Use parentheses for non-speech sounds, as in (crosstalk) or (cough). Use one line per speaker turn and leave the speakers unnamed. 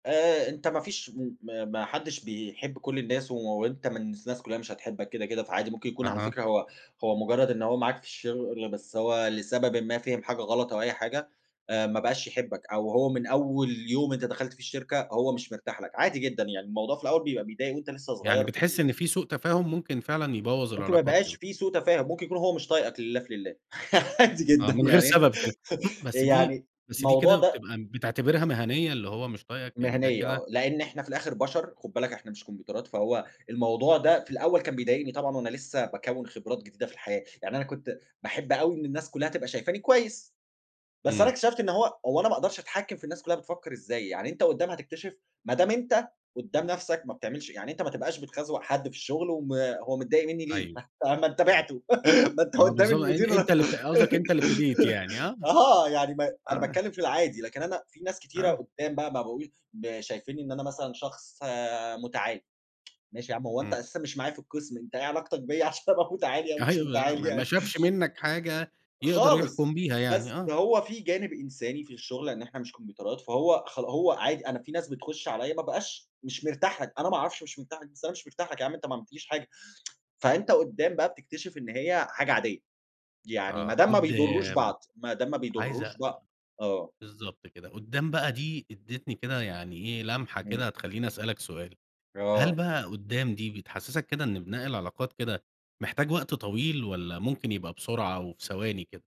آآ أنت ما فيش م ما ما حدّش بيحب كل الناس وأنت من الناس كُلّها مش هتحبك كده، كده فعادي ممكن يكون على
أها.
فكرة هو هو مُجرّد إن هو معاك في الشغل بس هو لسببٍ ما فِهِم حاجة غلط أو أي حاجة أ ما بقاش يحبك. أو هو من أول يوم أنت دخلت فيه الشركة، هو مش مرتاح لك عادي جدًا. يعني الموضوع في الأول بيبقى بيضايق وأنت لسّه
يعني
صغير في
بتحس
ال
إن فيه سوء تفاهم ممكن فعلًا يبوَّظ
ممكن ما
العلاقات
يبقاش
كده.
فيه سوء تفاهم، ممكن يكون هو مش طايقك لله في لله. (laughs) عادي
آه
جدًا
من غير
يعني
سبب كده. بس دي
يعني
بس دي
الموضوع
كده
ده
بتبقى بتعتبرها مِهَنية اللي هو مش طايقك يعني ده
مِهَنية
كده
آه. لإن إحنا في الآخر بَشَر خُد بالك إحنا مش كومبيوترات. فهو الموضوع ده في الأول كان بيضايقني طبعًا وأنا لسّه باكوِّن خبرات جديدة في الحياة. يعني أنا كنت باحب أوي إن الناس كُلّها تبقى شايفاني كويس، بس أنا
إمم.
اكتشفت إن هو هو أنا ما أقدرش أتحكِّم في الناس كُلّها بتفكر إزاي؟ يعني أنت قدّام هتكتشف ما دام أنت قدّام نفسك ما بتعملش يعني أنت ما تبقاش بتخزوَق حد في الشغل وما هو متضايق منّي ليه؟
أيوه.
(unintelligible) ما أنت
إمم.
بعتُّه، (laughs) ما أنت
آه
قدّام
بالضبط. أن
المدير
أنت اللي بت قصدك أنت اللي ابتديت يعني آه.
(giggles) آه. يعني ما أنا
آه.
باتكلّم في العادي، لكن أنا فيه ناس كتيرة
آه.
قدّام بقى ما بقو ب شايفين إن أنا مثلًا شخص مُتَعالي. ماشي يا عم هو أنت
إمم.
أساسًا مش معايا في القِسم، أنت إيه علاقتك بيّا عشان أبقى مُتَعالي أو مش
أيوه.
مُتَعالي
ما ما
يعني؟
شافش
(chuckles)
منّك حاجة يقدر
خالص.
يحكُم بيها يعني
بس
آه.
هو فيه جانب إنساني في الشغل إن إحنا مش كومبيوترات فهو خلا هو عادي. أنا فيه ناس بتخُش عليّا ما أبقاش مش مرتاح لك. أنا ما أعرفش مش مرتاح لك، بس أنا مش مرتاح لك يا عم أنت ما عملتليش حاجة. (tsk) فأنت قدّام بقى بتكتشف إن هي حاجة عادية. يعني ما
آه
دام ما بيضرّوش
قدّام.
بعض، ما دام ما
عايز
بيضرّوش بع آه.
بالضبط كده. قدّام بقى دي ادِّتني كده يعني إيه، لمحة
إمم.
كده هتخلّيني أسألك سؤال، هل
آه.
بقى قدّام دي بتحسّسك كده إن بناء العلاقات كده محتاج وقت طويل، والّا ممكن يبقى بسرعة أو في ثواني كده؟